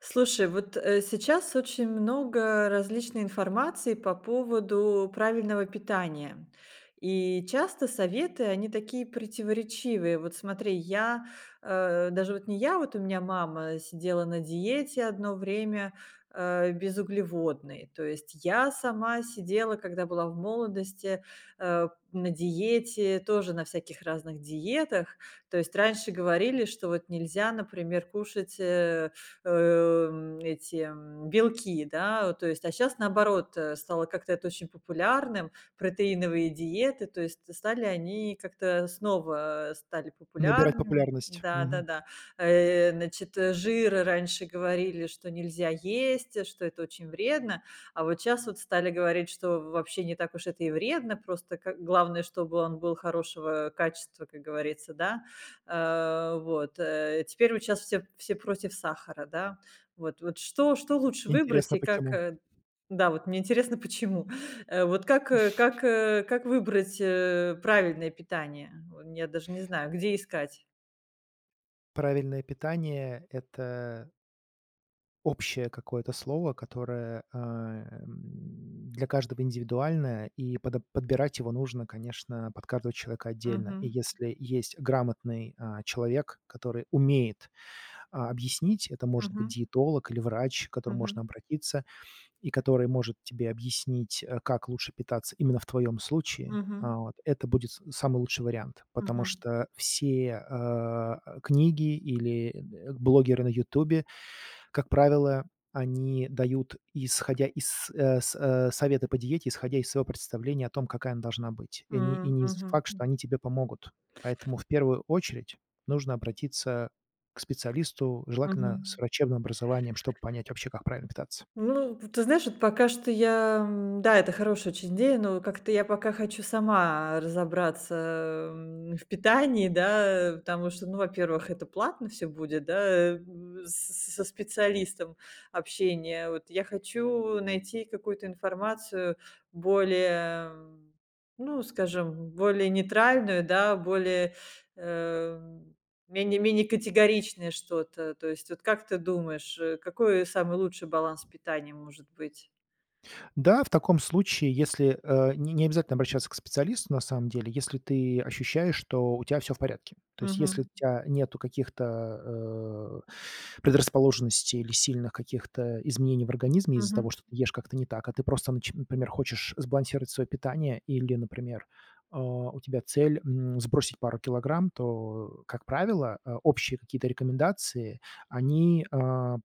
Слушай, вот, э, сейчас очень много различной информации по поводу правильного питания. И часто советы- они такие противоречивые. Вот смотри, я, э, даже вот не я, вот у меня мама сидела на диете одно время, э, безуглеводной. То есть я сама сидела, когда была в молодости, э, на диете, тоже на всяких разных диетах. То есть раньше говорили, что вот нельзя, например, кушать, э, эм, эти, м, белки, да. Э, то есть, а щас, наоборот, э, стало как-то это очень популярным. Протеиновые диеты, то есть стали они как-то снова стали Набирать популярными. популярность. Да, Мгм. да-да. Э, значит, э, жир раньше говорили, что нельзя есть, э, что это очень вредно. А вот щас вот стали говорить, что в вообще не так уж это и вредно. Просто ка главное, чтобы он был хорошего качества, как говорится, да. Э, вот, э, теперь вот щас все все против сахара, да. Вот, вот что, что лучше выбрать Интересно и как, почему. э да, вот мне интересно, почему? Э, вот как, э, как, э, как выбрать, э, правильное питание? Вон я даже не знаю, где искать. Правильное питание- это общее какое-то слово, которое, э, м, для каждого индивидуальное, и подо подбирать его нужно, конечно, под каждого человека отдельно. И Мгм. если есть грамотный, а, человек, который умеет, а, объяснить- это может быть Мгм. диетолог или врач, к которому можно Мгм. обратиться- и который может тебе объяснить, э, как лучше питаться именно в твоем случае, а, Мгм. вот, это будет с самый лучший вариант. Потому Мгм. что все, э, э, книги или, э, н блогеры на "Ютубе", как правило, они дают, исходя из, э, с э, советы по диете, исходя из своего представления о том, какая она должна быть. И не и М, не з мгм, факт, что м. они тебе помогут. Поэтому, в первую очередь, нужно обратиться к специалисту, желательно, с Мгм. врачебным образованием, чтоб понять вообще, как правильно питаться. Ну, вот ты знаешь, вот пока что я, м, да, это хорошая очень идея, но как-то я пока хочу сама разобраться, м, в питании, да, э. Потому что, ну, во-первых, это платно всё будет, да, э, в с с со специалистом общение. Вот я хочу найти какую-то информацию более, ну, скажем, более нейтральную, да, более, э, менее менее категоричное что-то. То есть вот как ты думаешь, э, какой самый лучший баланс питания может быть? Да, в таком случае, если, э, не необязательно обращаться к специалисту, на самом деле, если ты ощущаешь, что у тя всё в порядке. То есть, если у Мгм. тя нету каких-то, э, предрасположенностей или сильных каких-то изменений в организме из-за того, Мгм. что ты ешь как-то не так. А ты просто, нач например, хочешь сбалансировать своё питание. Или, например, э, у тебя цель, м, сбросить пару килограмм. То, э, как правило, э, общие какие-то рекомендации, они, э,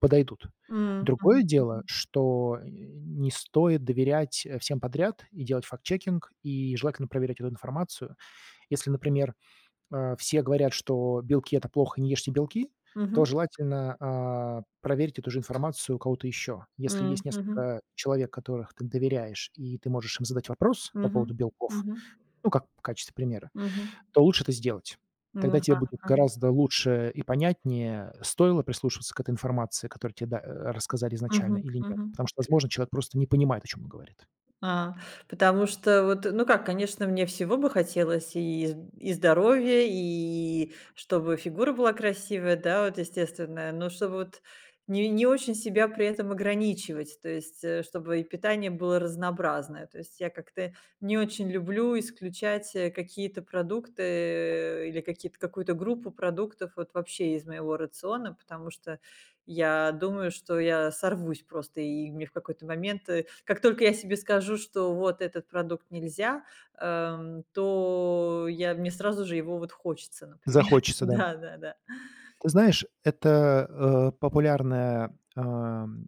подойдут. М, мгм Другое дело, мгм. что, э, не стоит доверять, э, всем подряд и делать фактчекинг, и желательно проверять эту информацию. Если, например, э, все говорят, что белки- это плохо, не ешьте белки, то Мгм. желательно, а, проверить эту же информацию у кого-то ещё. Если М, есть мгм. несколько человек, которых ты доверяешь, и ты можешь им задать вопрос по Мгм поводу белков, мгм. ну, как в качестве примера, Мгм. то лучше это сделать. М, Тогда тебе ага будет ага. гораздо лучше и понятнее, стоило прислушиваться к этой информации, которую тебе да э, рассказали изначально Мгм или нет. мгм. Потому что, возможно, человек просто не понимает, о чём он говорит. А, потому что вот, э ну как, конечно, мне всего бы хотелось: и з и здоровья, и чтобы фигура была красивая, да, вот, естественная. Но чтобы вот не не очень себя при этом ограничивать. То есть, э, чтобы и питание было разнообразное. То есть я как-то не очень люблю исключать, э, какие-то продукты, или какие-то какую-то группу продуктов вот вообще из моего рациона. Потому что я думаю, что я сорвусь просто и мне в какой-то момент, э, как только я себе скажу, что вот этот продукт нельзя, эм, то я мне сразу же его вот хочется, например. Захочется, да. Да, да, да. Ты знаешь, это, э, популярная, ам,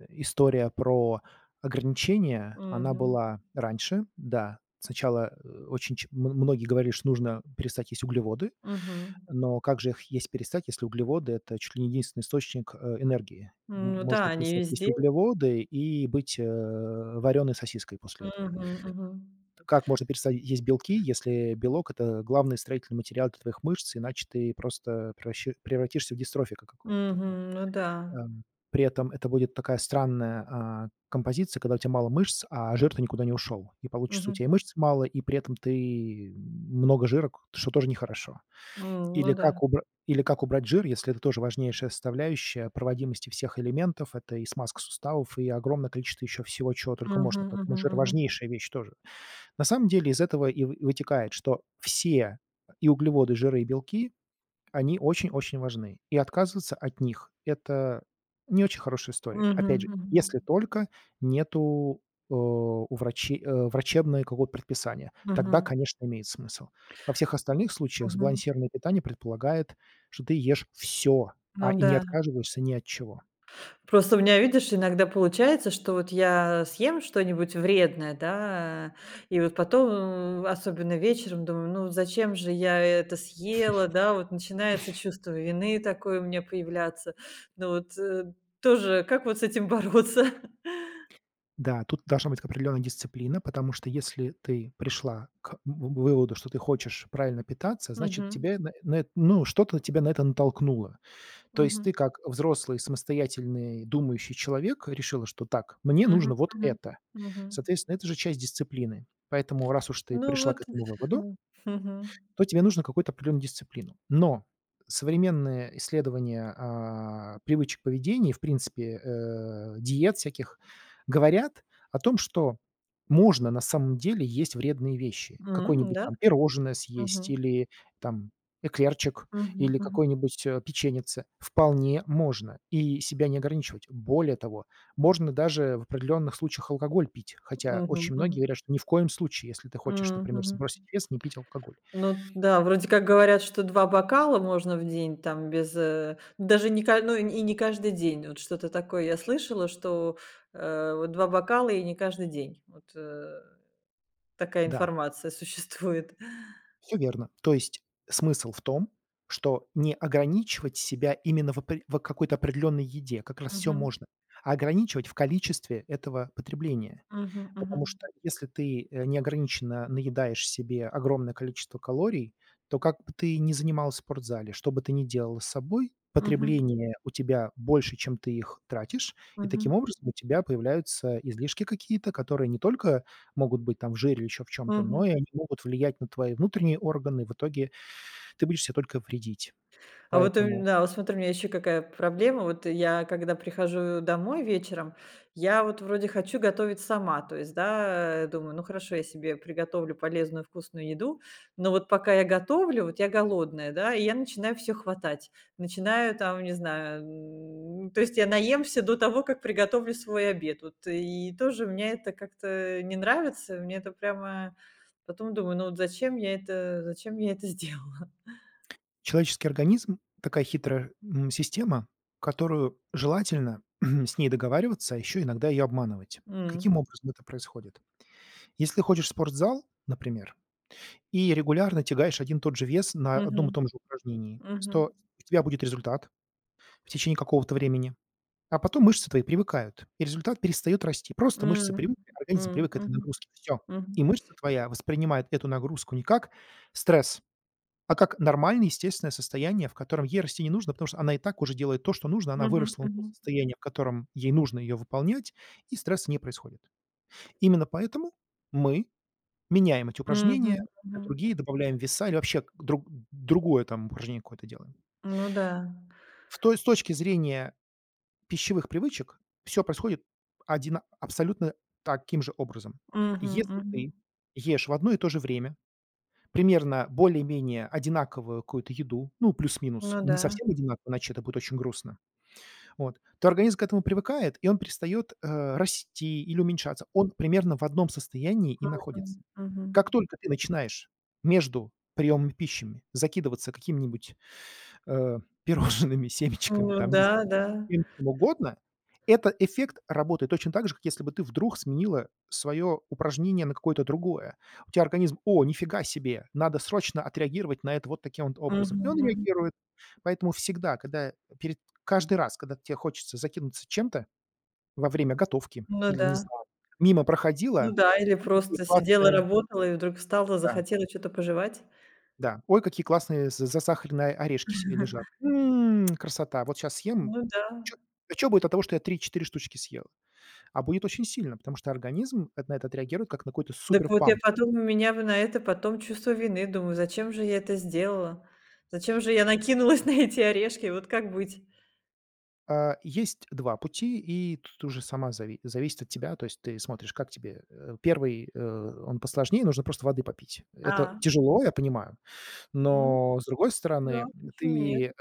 э, история про ограничения, она Мгм. была раньше да. Сначала, э, очень ч м многие говорили, что нужно перестать есть углеводы. Мгм. Но как же их есть перестать, если углеводы- это чуть ли не единственный источник, э, энергии? М, М ну да, можно они перестать есть везде. углеводы и быть, э, варёной сосиской после этого. Мгм мгм. Как можно перестать есть белки, если белок- это главный строительный материал для твоих мышц, иначе ты просто превраще превратишься в дистрофика какого-то? О Мгм. Ну да. эм, при этом это будет такая странная, а, композиция, когда у тя мало мышц, а жир-то никуда не ушёл, и получится: у Мгм. тя и мышц мало, и при этом ты много жира, к что тоже нехорошо. М, ну Или да. как убра или как убрать жир, если это тоже важнейшая составляющая проводимости всех элементов? Это и смазка суставов, и огромное количество ещё всего, чего только Мгм можно. Поэтому мгм жир- мгм. важнейшая вещь тоже. На самом деле, из этого и вы вытекает, что все- и углеводы, и жиры, и белки- они очень-очень важны, и отказываться от них- это не очень хорошая история. Мгм Опять же, если мгм. только нету, э, у врачи э, врачебное какое-то предписание. Тогда, Мгм. конечно, имеет смысл. Во всех остальных случаях Мгм. сбалансированное питание предполагает, что ты ешь всё, а Ну и не да. отказываешься ни от чего. Просто у меня, видишь, иногда получается, что вот я съем что-нибудь вредное, да. И вот потом, ну, особенно вечером, думаю: "Ну вот зачем же я это съела?" Да, вот начинается чувство вины такое у меня появляться. Ну вот, э, тоже, как вот с этим бороться? Да, тут должна быть к определённая дисциплина. Потому что, если ты пришла к в выводу, что ты хочешь правильно питаться, значит, Мгм. тебя на на эт ну, что-то тебя на это натолкнуло. То есть ты Мгм. как, э, взрослый, самостоятельный, думающий человек, решила, что так: "Мне Мгм нужно вот мгм это". мгм. Соответственно, это же часть дисциплины. Поэтому раз уж ты Ну пришла к вот. этому выводу М. Мгм. то тебе нужно какую-то определённую дисциплину. Но современные исследования, а, привычек поведения и, в принципе, э, диет всяких говорят о том, что можно на самом деле есть вредные вещи: М, какое-нибудь, да? там, пирожное съесть Мгм. или, там, эклерчик, Мгм, или мгм. какой-нибудь, э, печеньице. Вполне можно и себя не ограничивать. Более того, можно даже в определённых случаях алкоголь пить. Хотя Мгм очень многие мгм. говорят, что ни в коем случае, если ты хочешь, М, например, мгм. сбросить вес, не пить алкоголь. Ну да, вроде как говорят, что 2 бокала можно в день, там, без, э, даже не ка ну, и не каждый день. Вот что-то такое я слышала, что, э, вот 2 бокала и не каждый день. Вот, э, такая Да. информация существует. Всё верно. То есть смысл в том, что не ограничивать себя именно в опре в, а, какой-то определённой еде, как раз всё Мгм. можно, а ограничивать в количестве этого потребления. Мгм Потому мгм. что если ты, э, неограниченно наедаешь себе огромное количество калорий, то как бы ты ни занималась в спортзале, что бы ты ни делала с собой, Мгм. потребление у тебя больше, чем ты их тратишь. И таким Мгм. образом у тебя появляются излишки какие-то, которые не только могут быть, там, в жире или ещё в чём-то, но Мгм. и они могут влиять на твои внутренние органы. В итоге ты будешь себе только вредить. А вот, у ме Поэтому да, вот смотри, у меня ещё какая проблема. Вот, э, я когда прихожу домой вечером, я вот вроде хочу готовить сама. То есть, да, э, думаю: "Ну, хорошо, я себе приготовлю полезную, вкусную еду". Но вот пока я готовлю, вот я голодная, да? И я начинаю всё хватать. Начинаю там, не знаю, м. То есть я наемся до того, как приготовлю свой обед. Вот. И тоже меня это как-то не нравится, мне это прямо потом думаю: "Ну, вот зачем я это зачем я это сделала?" Человеческий организм- такая хитрая, м, система, которую желательно с ней договариваться, а ещё иногда её обманывать. М. Каким образом это происходит? Если ходишь в спортзал, например, и регулярно тягаешь один и тот же вес на одном и том Мгм, же упражнении, с мгм. то у тебя будет результат в течение какого-то времени. А потом мышцы твои привыкают, и результат перестаёт расти. Просто мышцы М, привыкли, организм м, привык к этой мгм, нагрузке. Всё. мгм. И мышца твоя воспринимает эту нагрузку не как стресс, а как нормальное естественное состояние, в котором ей расти не нужно, потому что она и так уже делает то, что нужно. Она Мгм выросла до мгм. состояния, в котором ей нужно её выполнять, и стресс не происходит. Именно поэтому мы меняем эти упражнения Мгм, на мгм. другие, добавляем веса или вообще к друг другое, там, упражнение какое-то делаем. Ну да. В то есть с точки зрения пищевых привычек всё происходит одина абсолютно таким же образом. Мгм Если мгм. ты ешь в одно и то же время примерно более-менее одинаковую какую-то еду, ну, плюс-минус, Ну не да. совсем одинаковую, иначе это будет очень грустно. Вот, то организм к этому привыкает, и он перестаёт, э, расти или уменьшаться. Он примерно в одном состоянии и Мгм, находится. мгм. Как только ты начинаешь между приёмами пищами закидываться какими-нибудь, э, пирожными, семечками, Ну там, не знаю, да, да. всем чем угодно. Этот эффект работает точно так же, как если бы ты вдруг сменила своё упражнение на какое-то другое. У тебя организм: "О, нифига себе. Надо срочно отреагировать на это вот таким вот образом". Мгм И он мгм. реагирует. Поэтому всегда, когда перед каждый раз, когда те хочется закинуться чем-то во время готовки Ну или, не да. знаю, мимо Ну проходила. да. Или Ой, какие просто сидела, классные работала и вдруг встала, Да. захотела что-то пожевать. Да. Ой, какие классные с з засахаренные орешки сь лежат. М, красота. Вот щас съем. Ну да. Чё, а чё будет от того, что я 3-4 штучки съела? А будет очень сильно, потому что организм эт на это отреагирует как на какой-то Дак вот, я суперпамп. потом у меня во на это потом чувство вины. Думаю: "Зачем же я это сделала? Зачем же я накинулась на эти орешки?" Вот как быть? А, есть 2 пути, и тут уже сама зави зависит от тебя. То есть ты смотришь, как тебе. Э, 1, э, он посложнее: нужно просто воды попить. Это А. тяжело, я понимаю. М Но с другой стороны, да, м, почему нет? ты, э,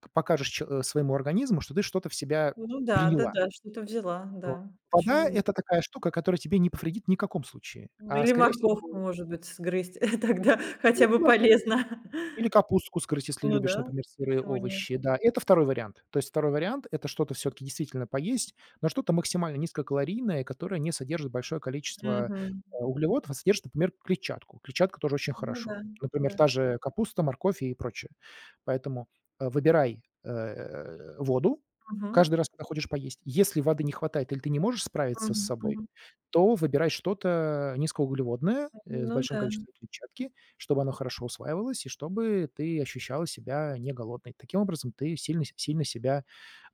к покажешь че э, своему организму, что ты что-то в себя Ну да. приняла. Да-да. Что-то взяла, Вот. да. Почему Вода- нь это такая штука, которая тебе не повредит ни каком случае, Ну а или скорее морковку, всего может быть, сгрызть тогда. Ну Хотя бы [unintelligible] полезно. или капустку сгрызть, если Ну любишь, да, например, сырые почему нет? овощи. Да, это 2 вариант. То есть 2 вариант- это что-то всё-таки действительно поесть, но что-то максимально низкокалорийное, которое не содержит большое количество, Мгм. э, углеводов, а содержит, например, клетчатку. Клетчатка тоже очень Ну хорошо. да. Например, Да. та же капуста, морковь и прочее. Поэтому, э, выбирай, э, воду Мгм. каждый раз, когда ходишь поесть. Если воды не хватает или ты не можешь справиться с Мгм собой, мгм. то выбирай что-то низкоуглеводное, э, с Ну большим да. количеством клетчатки, чтобы оно хорошо усваивалось и чтобы ты ощущала себя не голодной. Таким образом, ты сильно сь сильно себя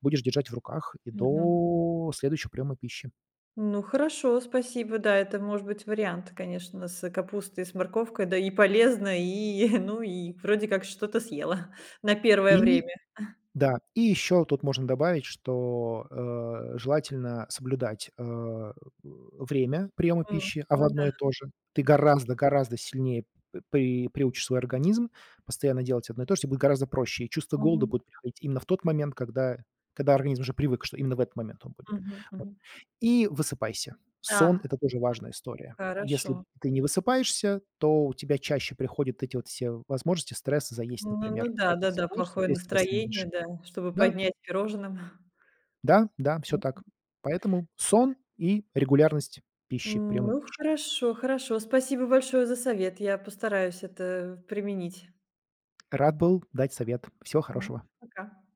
будешь держать в руках и Мгм. до следующего приёма пищи. Ну хорошо, спасибо. Да, это может быть вариант, конечно, с капустой и с морковкой. Да и полезно, и ну и вроде как что-то съела на первое И время. А. да, и ещё тут можно добавить, что, э, желательно соблюдать, э э, время приёма М, пищи. А ну во да. одно и то же. Ты гораздо гораздо сильнее п при приучишь свой организм постоянно делать одно и то же, те будет гораздо проще. И чувство голода Мгм. будет приходить именно в тот момент, когда когда организм уже привык, что именно в этот момент он будет. Мгм Вот. мгм. И высыпайся. Сон- Да. это тоже важная история. Если Хорошо. ты не высыпаешься, то у тебя чаще приходят эти вот все возможности, стресс и заесть, Ну ну ну например. А да. когда Да-да. высыпаешься, у Плохое тя и стресса настроение, меньше. да. Чтобы Да. поднять пирожным. Да, да, м, всё так. М. Поэтому сон и регулярность пищи, приёма Ну пищи. хорошо, хорошо. Спасибо большое за совет. Я постараюсь это применить. Рад был дать совет. Всего Мгм. хорошего. Пока.